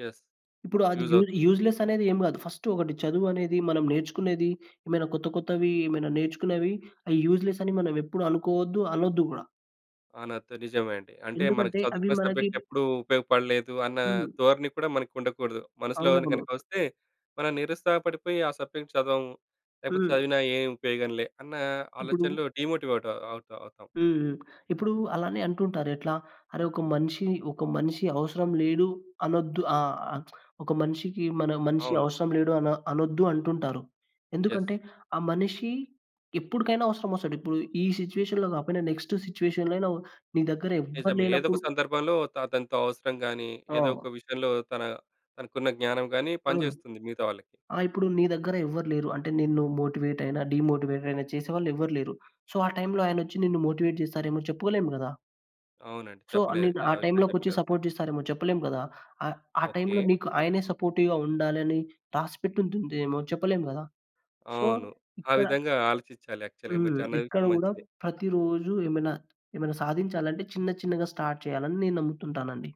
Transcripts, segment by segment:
Yes. ఇప్పుడు అది use use అవుతుంది. యూజ్లెస్ అనేది ఏం గాదు. ఫస్ట్ ఒకటి చదువు అనేది మనం నేర్చుకునేది ఏమైనా కొత్త కొత్తవి ఏమైనా నేర్చుకునేవి అయి యూజ్లెస్ అని మనం ఎప్పుడు అనుకోవద్దు. అనొద్దు గూడా. ఆ! నాతో నిజమే అండి. అంటే మనకి ఎందుకంటే అవి చదువుకునే మనకి సబ్జెక్ట్ ఎప్పుడూ ఉపయోగపడలేదు అన్న హ్మ్. ధోరణి కూడా మనకు ఉండకూడదు. మనసులోని అవునవును. గనక ఒస్తే మనం నిరుత్సాహ పడిపోయి ఆ సబ్జెక్ట్ చదవం, లేపోతే హ్మ్. చదివినా ఏ ఉపయోగంలే! అన్న ఇప్పుడు ఆలోచనలు డీమోటివేట్ అవుతా అవుతాం. హ్మ్. హ్మ్. ఇప్పుడు అలానే అంటుంటారు ఎట్లా? "అరే! ఒక మనిషి ఒక మనిషి అవసరం లేడు అనొద్దు. ఆ! ఆహ్, ఒక మనిషికి మన మనిషి అవును. అవసరం లేడు అన అనొద్దు" అంటుంటారు. యెస్. ఎందుకంటే ఆ మనిషి ఎప్పుడికైనా అవసరమొస్తాడు. ఇప్పుడు ఈ సిట్యుయేషన్‌లో గాపోయినా నెక్స్ట్ సిట్యుయేషన్‌లో అయినా నీ దగ్గర ఎవ్వరు నిజమే ఏదొక లేనప్పుడు సందర్భంలో త అతనితో అవసరం గాని, ఏదో అవును. ఒక విషయంలో తన తనకున్న జ్ఞానం గాని హ్మ్. పనిజేస్తుంది మిగతా వాళ్ళకి. ఆ! ఇప్పుడు నీ దగ్గర ఎవ్వరు లేరు. అంటే నిన్ను మోటివేట్ అయిన, డీమోటివేట్ అయిన చేసేవాళ్ళు ఎవ్వరు లేరు. సో ఆ టైమ్‌లో ఆయనొచ్చి నిన్ను మోటివేట్ చేస్తారేమో చెప్పుకోలేము గదా! అవునండి సో చెప్పలేరు. నిన్ను ఆ ఆ విషయం టైమ్‌లో కొచ్చి చెప్పలేరు. చా సపోర్ట్ జేస్తారేమో చెప్పలేం గదా! ఆహ్, ఆ టైమ్‌లో ఓకే. నీకు ఆయనే సపోర్టివ్‌గా ఉండాలని రాసిపెట్టుంటుందేమో చెప్పలేం గదా! సో, అవును. ఆ ఇక్కడ విధంగా ఆలోచిచ్చాలి. యాక్చువల్‌గా మీరు చ హ్మ్. అన్న ఇక్కడ విషయం గూడా మంచిదే. ప్రతిరోజు ఏమైనా, ఏమైనా సాధించాలంటే చిన్న చిన్నగా స్టార్ట్ చేయాలని నేను నమ్ముతుంటానండి.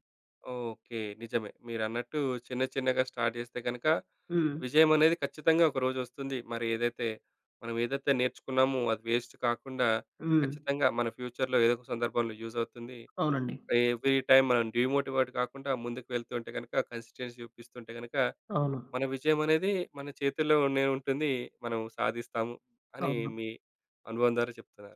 ఓకే. నిజమే మీరన్నట్టు చిన్న చిన్నగా స్టార్ట్ జేస్తే గనక హ్మ్. విజయం అనేది ఖచ్చితంగా ఒక రోజు ఒస్తుంది. మరేదైతే మనం ఏదైతే నేర్చుకున్నామో అది వేస్ట్ కాకుండా హ్మ్. ఖచ్చితంగా మన ఫ్యూచర్‌లో ఏదో ఒక సందర్భంలో యూజ్ అవుతుంది. అవునండి. ఎవ్రీ‌టైమ్ మనం డీమోటివేట్ గాకుండా ముందుకు వెళ్తుంటే గనక కన్సిస్టెన్సీ చూపిస్తుంటే గనక అవును. మన విజయం అనేది మన చేతుల్లోనే ఉంటుంది. మనం సాధిస్తాము అని అవును. మీ అనుభవం ద్వారా చెప్తున్నారు.